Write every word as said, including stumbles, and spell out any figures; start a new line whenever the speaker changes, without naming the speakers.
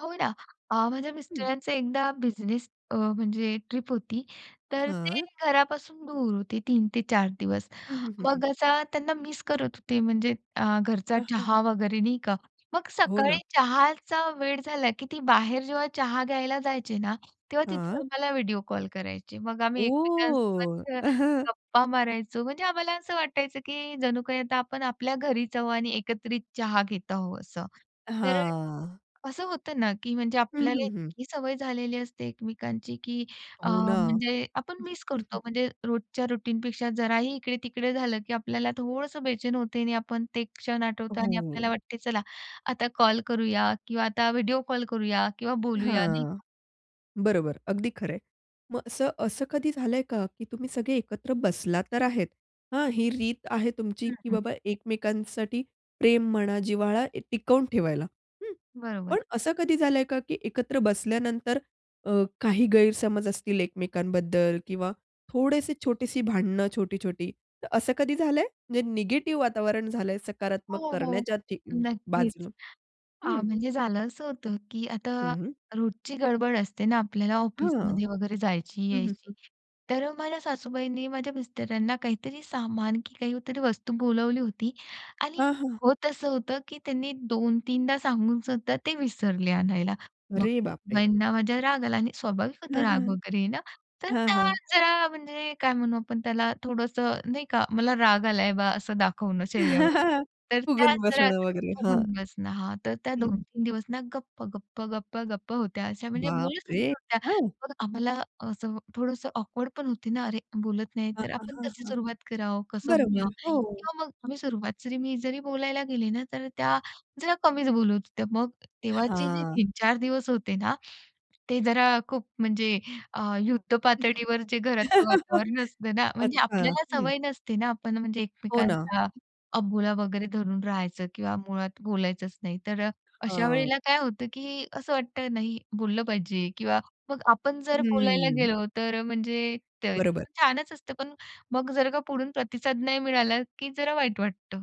हो ना. अ, माझ्या
हं.
मिस्टरांचं एकदा बिझनेस अ, म्हणजे ट्रिप होती. तर ते
हां.
घरापासून दूर होते तीन ते चार दिवस.
हं, हं, हं, हं.
मग असा त्यांना मिस करत होते म्हणजे अ, घरचा
आ, हं!
चहा वगैरे, नाही का? मग
हो ना.
सकाळी चहाचा वेळ झाला, की ती बाहेर जेव्हा चहा घ्यायला जायचे ना, तेव्हा तिथून
हां.
आम्हाला व्हिडिओ कॉल करायचे. मग आम्ही
ओह!
एकमेकांसोबत अ, गप्पा मारायचो. म्हणजे आम्हाला असं वाटायचं, की जणू काही आता आपण आपल्या घरीच आहो आणि एकत्रित चहा घेत आहो असं. तर अ,
हां.
असं होतं ना की म्हणजे
हं,
आपल्याला
हं, हं.
इतकी सवय झालेली असते एकमेकांची, की अ,
हो ना.
म्हणजे आपण
हं.
मिस
हं, हं.
करतो. म्हणजे रोजच्या रुटीनपेक्षा जराही इकडे-तिकडे झालं, की आपल्याला थोडंसं बेचैन होते आणि आपण ते क्षण आठवतो आणि आपल्याला
हो.
वाटते चला. आता कॉल करूया किंवा आता व्हिडिओ कॉल करूया किंवा बोलूया, नाही
हां.
का?
बरोबर. अगदी खरंय. मग असं असं कधी झालंय का की तुम्ही सगळे एकत्र बसला तर आहेत, हां? ही रीत आहे तुमची
हं,
की
हं.
बाबा एकमेकांसाठी प्रेम म्हणा, जिव्हाळा ए टिकवून ठेवायला, हं?
बरोबर.
पण असं कधी झालंय का की एकत्र बसल्यानंतर अ, काही गैरसमज असतील एकमेकांबद्दल किंवा थोडेसे छोटीशी भांडणं छोटी-छोटी. तर असं कधी झालंय? म्हणजे निगेटिव्ह वातावरण झालंय सकारात्मक
हो, हो.
करण्याच्या ठी
नक्कीच.
बाजूनं?
अ,
हं.
म्हणजे झालं असं होतं, की आता
हं, हं.
रोजची गडबड असते ना आपल्याला
हां.
ऑफिसमध्ये वगैरे जायची,
हं, हं,
यायची.
हं.
तर माझ्या सासूबाईंनी माझ्या मिस्टरांना काहीतरी सामान की काहीतरी वस्तू बोलावली होती
हां,
आणि
हां.
होत असं होतं, की त्यांनी दोन-तीनदा सांगूनसुद्धा ते विसरले आणायला. मग
अरे बाप रे!
सासूबाईंना माझ्या राग आला आणि स्वाभाविक होतं
हां, हां.
राग वगैरे येणं. तर
हां,
त्या
हां.
जरा म्हणजे काय म्हणू आपण त्याला थोडंसं, नाही का, मला राग आलाय बा असं दाखवणं चेहऱ्यावर. तर त्या
फूगून
जरा
बसणं वगैरे.
फुगून
हां.
बसणं, हां. तर त्या
हं,
दोन
हं.
तीन दिवस ना गप्प, गप्प, गप्प, गप्प होत्या अशा, म्हणजे
बाप
बोलतच
रे!
नव्हत्या.
हां!
मग आम्हाला असं अ, थोडंसं ऑकवर्ड पण होते ना, अरे बोलत नाही.
हां,
तर
हां,
आपण
हां,
कशी
हां.
सुरुवात करावं? कसं
बरोबर.
बोलावं?
हो.
किंवा मग आम्ही सुरुवात मी जरी बोलायला गेले ना तर त्या जरा कमीच बोलत होत्या. मग तेव्हाचे जे
हां.
तीन चार दिवस होते ना ते जरा खूप म्हणजे अ, युद्ध पातळीवर जे घरातलं वातावरण असतं ना, म्हणजे
अच्छा.
आपल्याला
हं.
सवय नसते ना, आपण म्हणजे
हो ना.
एकमेकांचा अबोला वगैरे धरून राहायचं किंवा मुळात बोलायचंच नाही. तर अ, अशा
हां.
वेळेला काय होतं, की असं वाटतं नाही बोललं पाहिजे किंवा मग आपण जर बोलायला
हम्म.
गेलो, तर अ, म्हणजे ते
बरोबर.
छानच असतं. पण मग जर का पुढून प्रतिसाद नाही मिळाला, की जरा वाईट वाटतं.